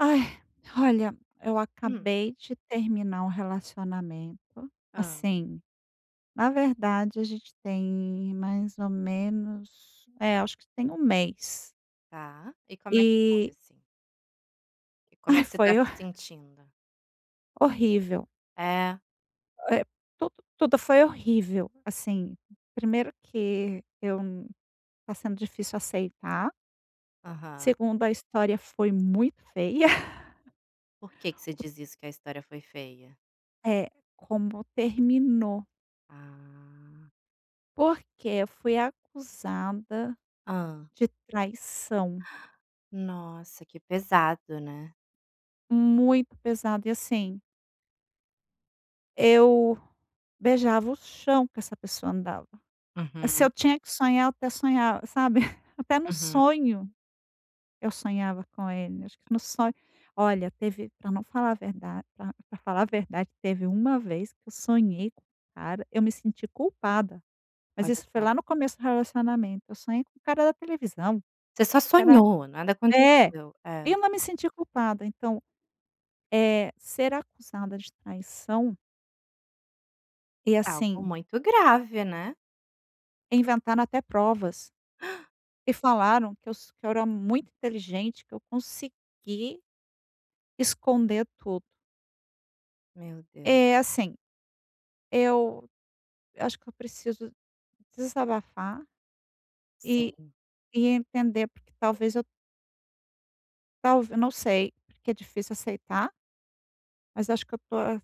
Ai, olha eu Hum. acabei de terminar um relacionamento, Hã. assim, na verdade a gente tem mais ou menos, é, acho que tem 1 mês. Tá, e como é que foi E assim? E como é ai que você foi tá se horr sentindo? horrível. É? Eh, tudo, tudo foi horrível. Assim, 1º que eu tá sendo difícil aceitar. Aham. 2º a história foi muito feia. Por que que você diz isso que a história foi feia? É como terminou. Ah! Porque eu fui acusada Hã? de traição. Nossa! Que pesado né? Muito pesado e assim eu beijava o chão que essa pessoa andava. Se Uhum. eu tinha que sonhar eu até sonhava sabe? Até no Uhum. sonho eu sonhava com ele. Acho que no so olha teve pra eu não falar a verdade pra pra falar a verdade teve uma vez que eu sonhei com um cara eu me senti culpada, mas Olha isso foi só. lá no começo do relacionamento. Eu sonhei com o cara da televisão. Você só Acho que era... sonhou, nada É! aconteceu, é. Eu não me senti culpada então, eh, ser acusada de traição E É algo assim muito grave, né. inventaram até provas e falaram que eu so que eu era muito inteligente que eu consegui esconder tudo. Meu Deus. Eh, assim, eu eu acho que eu preciso desabafar e Sim. e entender porque talvez eu talv eu não sei, porque é difícil aceitar. Mas acho que eu estou a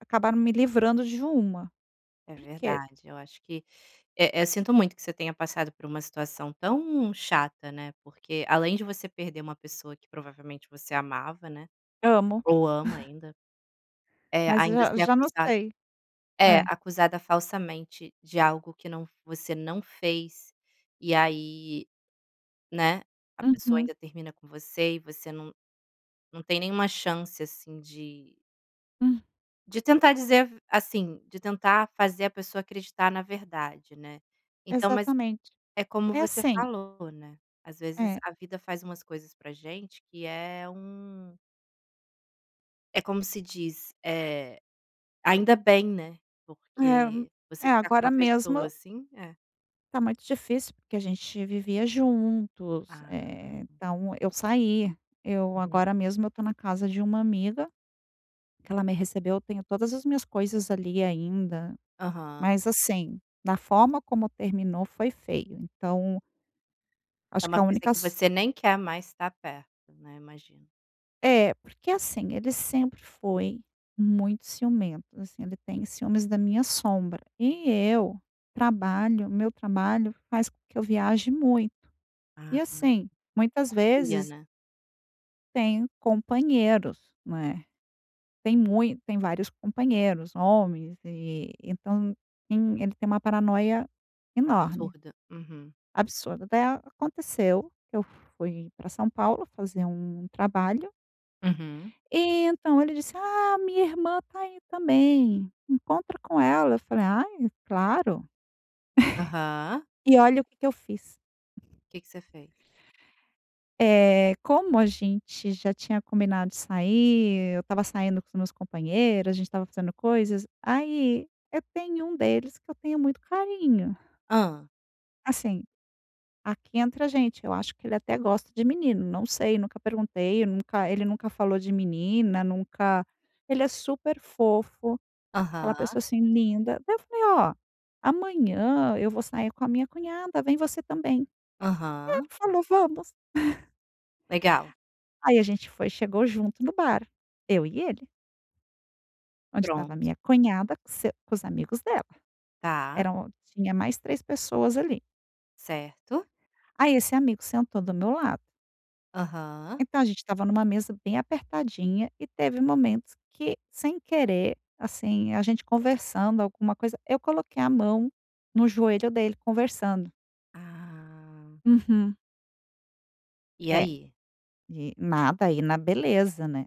acabaram me livrando de uma, É porque verdade. Eu acho que eh-eh, sinto muito que você tenha passado por uma situação tão chata, né. Porque, além de você perder uma pessoa que provavelmente você amava, né, Amo. ou ama ainda. Eh, Mas ainda já ser já não acusad sei. é, É. acusada falsamente de algo que não f você não fez. E aí, né, a pessoa Uhum. ainda termina com você. E você não não tem nenhuma chance, assim, de Hum. de tentar dizer a v assim, de tentar fazer a pessoa acreditar na verdade, né. Então mas Exatamente. é como É você assim falou, né, às vezes, É. a vida faz umas coisas pra gente que é um é como se diz, eh, ainda bem, né, É. porque você É, ficar com uma agora pessoa mesmo assim É. tá muito difícil porque a gente vivia juntos, Ah. eh, então, eu saí. Eu Uhum. agora mesmo, eu estou na casa de uma amiga, que ela me recebeu. Eu tenho todas as minhas coisas ali ainda. Aham. Mas, assim, na forma como terminou, foi feio. Então É acho que uma a coisa única que so você nem quer mais estar perto, né, imagino. É. Porque, assim, ele sempre foi muito ciumento. Assim, ele tem ciúmes da minha sombra. E eu trabalho o meu trabalho faz com que eu viaje muito. E, Ah. assim, muitas Confia, vezes né. tenho companheiros, não é. Tem mui tem vários companheiros homens. E, então, tem ele tem uma paranoia enorme Absurda. Uhum. absurda daí aconteceu. Eu fui pra São Paulo fazer um trabalho Uhum. e então ele disse: "Ah, minha irmã tá aí também. Encontra com ela", eu falei: "Ai, claro". Aham. E olha o que que eu fiz. Que que você fez? Eh, como a gente já tinha combinado sair, eu estava saindo com os meus companheiros, a gente estava fazendo coisas. Aí, eu tem um deles que eu tenho muito carinho. Hã. Assim, aqui entre a gente, eu acho que ele até gosta de menino. Não sei, nunca perguntei. Eu nunca ele nunca falou de menina nunca ele é super fofo, aquela pessoa, Aham. assim, linda. Daí, eu falei: "Ó, amanhã eu vou sair com a minha cunhada. Vem você também". Aí, ele Aham. falou: "Vamos". Legal. Aí, a gente foi chegou junto no bar, eu e ele. Onde estava a Pronto. minha cunhada com se com os amigos dela. Tá. Eram tinha mais 3 pessoas ali. Certo. Aí, esse amigo sentou do meu lado. Aham. Então, a gente estava numa mesa bem apertadinha e teve momentos que, sem querer, assim, a gente conversando alguma coisa eu coloquei a mão no joelho dele, conversando. Ah. Uhum. E É, aí? e nada aí, na beleza, né,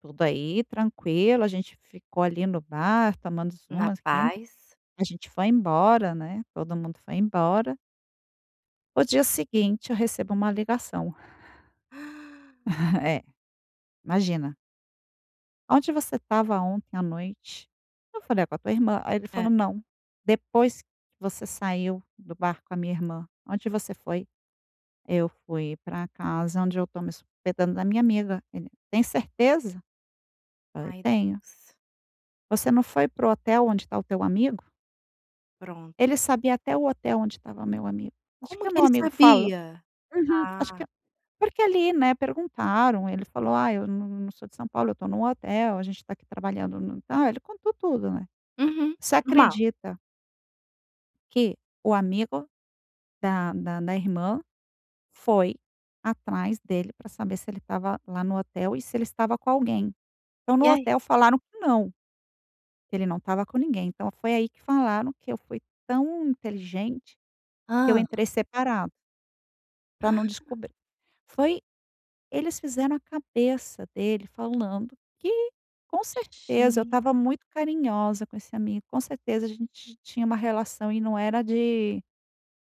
tudo aí tranquilo. A gente ficou ali no bar tomando Na umas, rindo. paz. A gente foi embora, né, todo mundo foi embora. O dia seguinte eu recebo uma ligação. É. Imagina. "Onde você estava ontem à noite?" Eu falei: "Ah, com a tua irmã". Aí ele falou: É. "Não, depois que você saiu do bar com a minha irmã, onde você foi?" "Eu fui pra casa onde eu estou me hospedando, na minha amiga". Ele: "Tem certeza?", falei: Ai, "Tenho". Deus. Você não foi para o hotel onde está o teu amigo? Pronto. Ele sabia até o hotel onde estava meu amigo. Acho Como que o que meu ele amigo falou sabia? Uhum, acho Ah! que porque ali, né, perguntaram, ele falou: "Ah, eu não não sou de São Paulo, eu estou num hotel, a gente está aqui trabalhando no", ah, ele contou tudo, né. Uhum, Você normal. acredita que o amigo da da da irmã foi atrás dele pra saber se ele estava lá no hotel e se ele estava com alguém, então no E aí? hotel falaram que não que ele não estava com ninguém, então foi aí que falaram que eu fui tão inteligente, que eu Hã? entrei separado pra não descobrir. Foi eles fizeram a cabeça dele falando que, com certeza, eu Gen estava muito carinhosa com esse amigo, com certeza a gente tinha um relação e não era de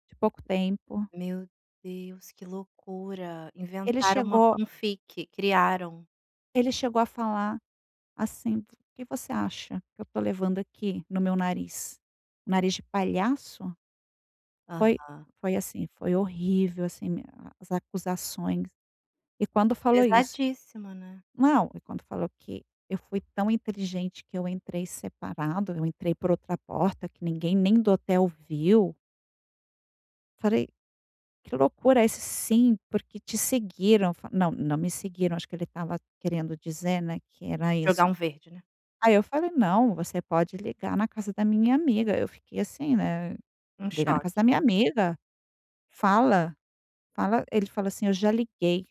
de pouco tempo. Meu Deus, que loucura, Ele inventaram uma uma chegou fan-fic, criaram. ele chegou a falar assim: "O que você acha que eu estou levando aqui no meu nariz, nariz de palhaço?" Foi Aham. foi assim foi horrível assim a as acusações e quando falou isso Pesadíssimo, né? Não, e quando falou que: "Eu fui tão inteligente que eu entrei separado, eu entrei por outra porta, que ninguém nem do hotel viu." Falei: "Que loucura", "Isso sim, porque te seguiram.", eu f "Não, não me seguiram", acho que ele estava querendo dizer, né, que era Jogar isso. um verde, né? Aí eu falei: "Não, você pode ligar na casa da minha amiga!" Eu fiquei assim, né, Um liga na casa da choque. minha amiga, fala fala ele falou assim: "Eu já liguei,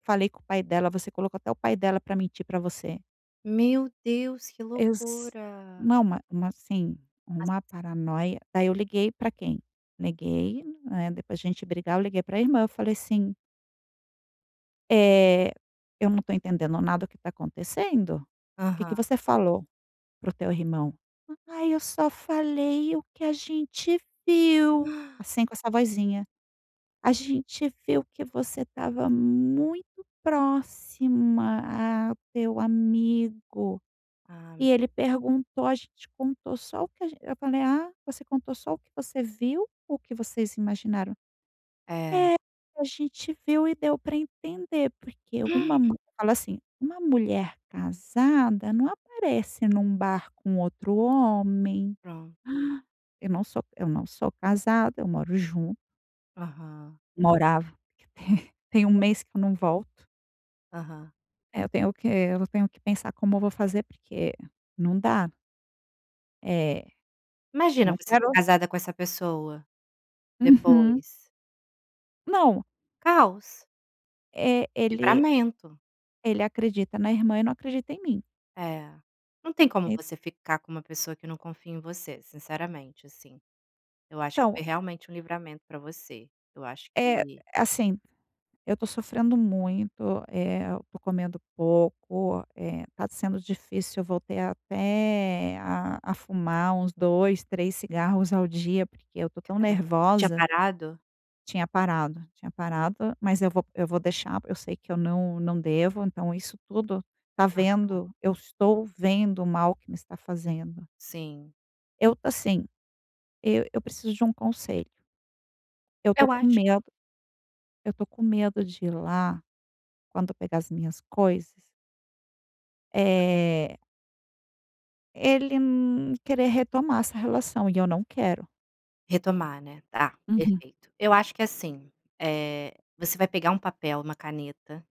falei com o pai dela, você colocou até o pai dela pra mentir pra você." Meu Deus, que Eles loucura. Não, ma uma, assim, uma [unintelligible] paranoia. Aí eu liguei pra quem? Negei, né. Depois de a gente brigar, eu liguei para irmã, eu falei assim "Eh, eu não tô entendendo nada o que tá acontecendo, que que Aham. você falou para o teu irmão?". "Ai eu só falei o que a gente viu", assim, com essa vozinha. "A gente viu que você estava muito próxima a teu amigo, e Ah. ele perguntou, a gente contou só o que a gen" eu falei: "Ah, você contou só o que você viu ou que vocês imaginaram?" É! "É, a gente viu e deu pra entender, porque uma mu" falou assim: "Uma mulher casada não aparece num bar com outro homem". Pro Eu não sou eu não sou casada, eu moro jun Aham. Morava. Tem 1 mês que eu não volto. Aham. É, eu tenho que eu tenho que pensar como eu vou fazer, porque não dá. É, Imagina não você tá quero casada com essa pessoa Uhum. depois. Não. Caos. É, ele Livramento. ele acredita na irmã e não acredita em mim. É, não tem como En você ficar com uma pessoa que não confia em você, sinceramente, assim, eu acho que Então foi realmente um livramento pra você, eu acho É, que assim, eu tô sofrendo muito, eh, eu tô comendo pouco, eh, está sendo difícil. Eu voltei até a a fumar uns 2, 3 cigarros ao dia, porque eu tô tão Caram você tinha nervosa. parado? Tinha parado, tinha parado. Mas eu vou eu vou deixar, eu sei que eu não não devo. Então isso tudo tá Aham. vendo eu estou vendo o mal que me está fazendo. Sim. Eu, assim, e eu preciso de um conselho. Eu tô Eu com acho medo eu tô com medo de ir lá quando pegar as minhas coisas eh ele, hum, querer retomar essa relação e eu não quero. Retomar, né, tá, Uhum. perfeito. Eu acho que, assim, eh, você vai pegar um papel, uma caneta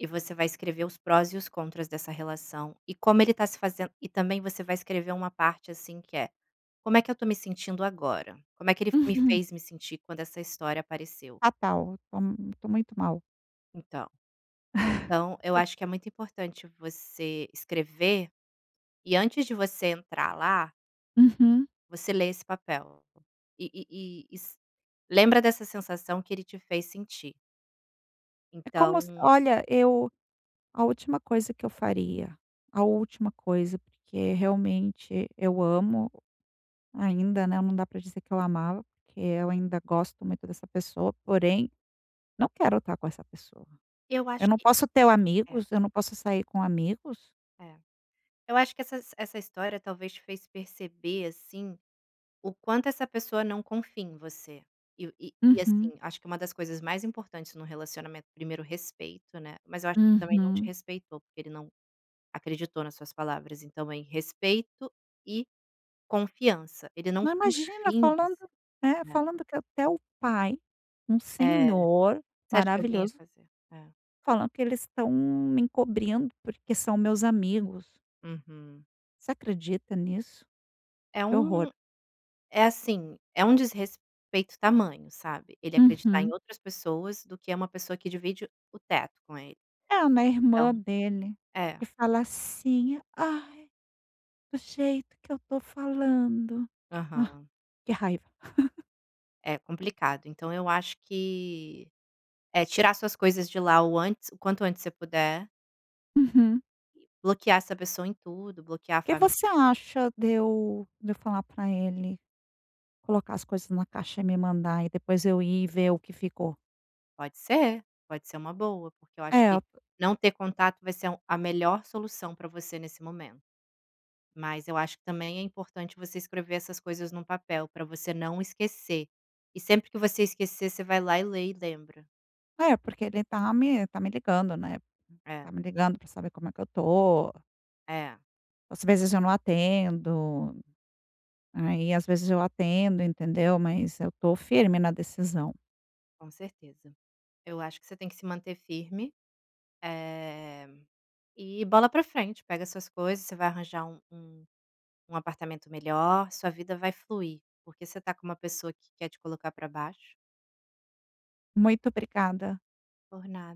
e você vai escrever os prós e os contras dessa relação, e como ele tá se fazendo e também você vai escrever uma parte assim que é "como é que eu estou me sentindo agora?", como é que ele f me Uhum. fez me sentir quando essa história apareceu? Fatal, eu tô m tô muito mal. Então. Então eu acho que é muito importante você escrever, e antes de você entrar lá Uhum. você lê esse papel, e e e s lembra dessa sensação que ele te fez sentir. É como s Então olha, eu, a última coisa que eu faria, a última coisa, porque realmente eu amo ainda, né, não dá pra dizer que eu amava, porque eu ainda gosto muito dessa pessoa, porém não quero estar com essa pessoa. Eu acho Eu não que posso ter o é. amigos, eu não posso sair com amigos? É. Eu acho que essas essa história talvez te fez perceber, assim, o quanto essa pessoa não confia em você, e e e, Uhum. assim, acho que uma das coisas mais importantes num relacionamento 1º respeito, né, mas eu acho que também não te Uhum. respeitou, porque ele não acreditou nas suas palavras, então aí respeito e confianç. Ele não Não, imagina, confia em falando, você, né, né. falando que até o pai, um É, senhor você acha que alguém ia maravilhoso fazer É. falando que eles estão me encobrindo, porque são meus amigos. Uhum. Você acredita nisso? É Que horror. um é assim, é um desrespeito tamanho, sabe, ele acreditar em Uhum. outras pessoas do que é uma pessoa que divide o teto com ele. É uma Então irmã dele É. que fala assim: "Ai, do jeito que eu estou falando", ai, Aham. que raiva. É complicado, então eu acho que é tirar suas coisas de lá o antes o quanto antes você puder Uhum bloquear essa pessoa em tudo, bloquear a O que fa você acha de eu de eu falar pra ele, colocar as coisas na caixa e me mandar e depois eu ir e ver o que ficou? Pode ser, pode ser uma boa, porque eu acho É. que não ter contato vai ser um a melhor solução para você nesse momento, mas eu acho que também é importante você escrever essas coisas num papel para você não esquecer, e sempre que você esquecer você vai lá e lê e lembra. É porque ele tá me tá me ligando, né, É. tá me ligando pra saber como é que eu estou. É. Às vezes, eu não atendo, aí, às vezes, eu atendo, entendeu, mas eu estou firme na decisão. Com certeza, eu acho que você tem que se manter firme, eh, e bola para frente. Pega suas coisas, você vai arranjar um um um apartamento melhor, sua vida vai fluir, porque você tá com uma pessoa que quer te colocar pra baixo. Muito obrigada. Por nada.